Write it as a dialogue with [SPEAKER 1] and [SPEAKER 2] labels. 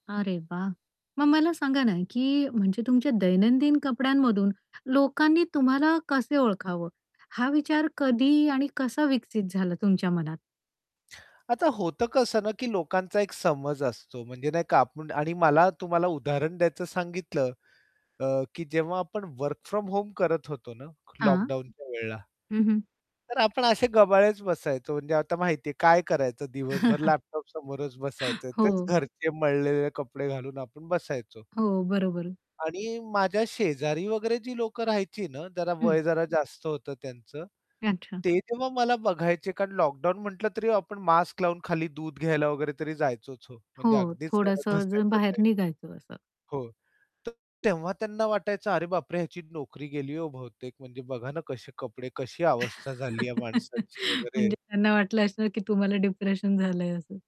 [SPEAKER 1] अरे वाह! मग मला सांगा ना की म्हणजे तुमच्या दैनंदिन कपड्यांमधून लोकांनी तुम्हाला कसं ओळखावं? हा विचार कधी आणि कसा विकसित झाला तुमच्या मनात?
[SPEAKER 2] आता होतं कसं ना की लोकांचा एक समज असतो म्हणजे नाही का आपण आणि मला तुम्हाला उदाहरण द्यायचं सांगितलं अ, की जेव्हा आपण वर्क फ्रॉम होम करत होतो ना लॉक
[SPEAKER 1] हां.
[SPEAKER 2] डाउनच्या वेळेला
[SPEAKER 1] हं, हं.
[SPEAKER 2] तर आपण असे गबाळेच बसायचो म्हणजे आता माहिती आहे काय करायचं दिवसभर लॅपटॉप समोरच बसायचंय तेच
[SPEAKER 1] हो.
[SPEAKER 2] घरचे मळलेले कपडे घालून आपण बसायचो.
[SPEAKER 1] हो, बरोबर.
[SPEAKER 2] आणि माझ्या शेजारी वगैरे जी लोक राहायची ना जरा वय
[SPEAKER 1] हं.
[SPEAKER 2] जरा जास्त होतं त्यांचं,
[SPEAKER 1] अच्छा.
[SPEAKER 2] ते तेव्हा मला बघायचे कारण लॉकडाउन म्हटलं तरी आपण मास्क लावून खाली दूध घ्यायला वगैरे तरी जायचोच हो,
[SPEAKER 1] हो,
[SPEAKER 2] म्हणजे अगदीच घरात
[SPEAKER 1] थोडंसं जर
[SPEAKER 2] बसायचो
[SPEAKER 1] बाहेर
[SPEAKER 2] नाही.
[SPEAKER 1] निघायचं असं.
[SPEAKER 2] हो, तर तेव्हा त्यांना वाटायचं अरे बापरे! ह्याची नोकरी गेली हो बहुतेक, म्हणजे बघा ना कसे कपडे कशी अवस्था झाली या माणसाची वगैरे.
[SPEAKER 1] म्हणजे त्यांना वाटलं असणार की तुम्हाला डिप्रेशन झालंय असं.